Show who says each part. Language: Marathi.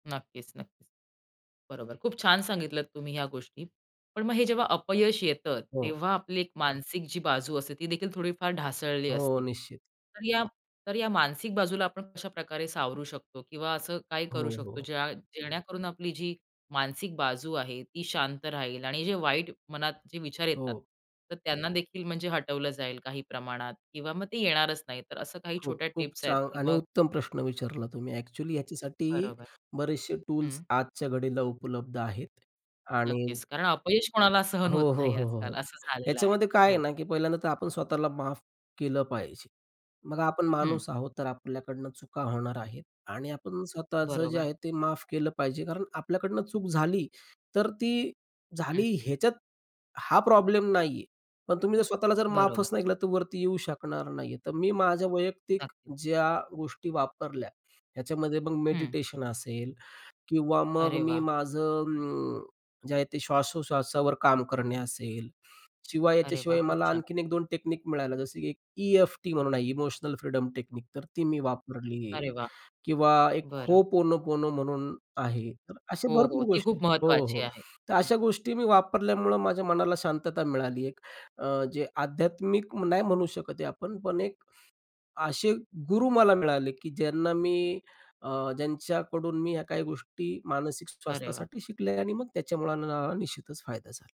Speaker 1: नक्कीच, नक्कीच. बरोबर. खूप छान सांगितलत तुम्ही ह्या गोष्टी. पण मग हे जेव्हा अपयश येतं,
Speaker 2: हो.
Speaker 1: तेव्हा आपली एक मानसिक जी बाजू असते ती देखील थोडीफार ढासळली
Speaker 2: हो,
Speaker 1: असते.
Speaker 2: निश्चित.
Speaker 1: तर या, तर या मानसिक बाजूला आपण कशाप्रकारे सावरू शकतो? किंवा असं काही
Speaker 2: हो,
Speaker 1: करू शकतो
Speaker 2: हो.
Speaker 1: ज्या जेणेकरून आपली जी मानसिक बाजू आहे ती शांत राहील आणि जे वाईट मनात जे विचार येतात
Speaker 2: हो.
Speaker 1: तर त्यांना देखील म्हणजे हटवलं जाईल काही प्रमाणात? किंवा मग ते येणारच नाही. तर असं काही छोट्या
Speaker 2: खूप-खूप
Speaker 1: टिप्स आहेत
Speaker 2: छान
Speaker 1: की
Speaker 2: आणि
Speaker 1: मग
Speaker 2: उत्तम प्रश्न विचारला तुम्ही. ॲक्चुअली ह्याच्यासाठी
Speaker 1: बरोबर.
Speaker 2: बरेचसे टूल्स
Speaker 1: हं.
Speaker 2: आजच्या घडीला उपलब्ध आहेत आणि
Speaker 1: नक्कीच कारण अपयश कोणाला सहन
Speaker 2: हो,
Speaker 1: होत
Speaker 2: हो,
Speaker 1: नाही
Speaker 2: हो, हो,
Speaker 1: आजकाल.
Speaker 2: हो.
Speaker 1: असं झालेलं आहे.
Speaker 2: याच्यामध्ये काय आहे
Speaker 1: हो.
Speaker 2: ना, की पहिल्यांदा तर आपण स्वतःला माफ केलं पाहिजे. बघा आपण
Speaker 1: हं.
Speaker 2: माणूस आहोत, तर आपल्याकडून चुका होणार आहेत आणि आपण स्वतःचं जे
Speaker 1: बरोबर.
Speaker 2: आहे ते माफ केलं पाहिजे. कारण आपल्याकडनं चूक झाली, तर ती
Speaker 1: हं.
Speaker 2: झाली ह्याच्यात हा प्रॉब्लेम नाहीये. पण तुम्ही जर स्वतःला जर
Speaker 1: बरोबर.
Speaker 2: माफच नाही केला तर वरती येऊ शकणार नाहीये. तर मी माझ्या वैयक्तिक
Speaker 1: नक्कीच.
Speaker 2: ज्या गोष्टी वापरल्या ह्याच्यामध्ये मग
Speaker 1: हं.
Speaker 2: मेडिटेशन असेल किंवा मग
Speaker 1: अरे
Speaker 2: मी
Speaker 1: वाह!
Speaker 2: माझं अं, जे आहे ते श्वासोश्वासावर काम करणे असेल. शिवाय
Speaker 1: अरे वाह!
Speaker 2: याच्याशिवाय
Speaker 1: खूप
Speaker 2: मला
Speaker 1: छान!
Speaker 2: आणखीन 1-2 टेक्नीक मिळाल्या जसं की एक ई-एफ-टी म्हणून आहे इमोशनल फ्रीडम टेक्निक, तर ती मी वापरली.
Speaker 1: अरे वाह!
Speaker 2: किंवा एक
Speaker 1: बरं.
Speaker 2: Ho'oponopono म्हणून आहे. तर असे
Speaker 1: हो, हो.
Speaker 2: भरपूर
Speaker 1: ती
Speaker 2: गोष्टी
Speaker 1: खूप
Speaker 2: हो,
Speaker 1: महत्वाची
Speaker 2: हो.
Speaker 1: आहे.
Speaker 2: तर
Speaker 1: हं.
Speaker 2: अशा गोष्टी मी वापरल्यामुळं माझ्या मनाला शांतता मिळाली एक अ, जे आध्यात्मिक म नाही म्हणू शकत हे आपण, पण एक अशे गुरु मला मिळाले की ज्यांना मी अ, ज्यांच्याकडून मी ह्या काही गोष्टी मानसिक
Speaker 1: अरे वाह!
Speaker 2: स्वास्थ्यासाठी शिकलोय आणि मग त्याच्यामुळे अ, निश्चितच फायदा झाला.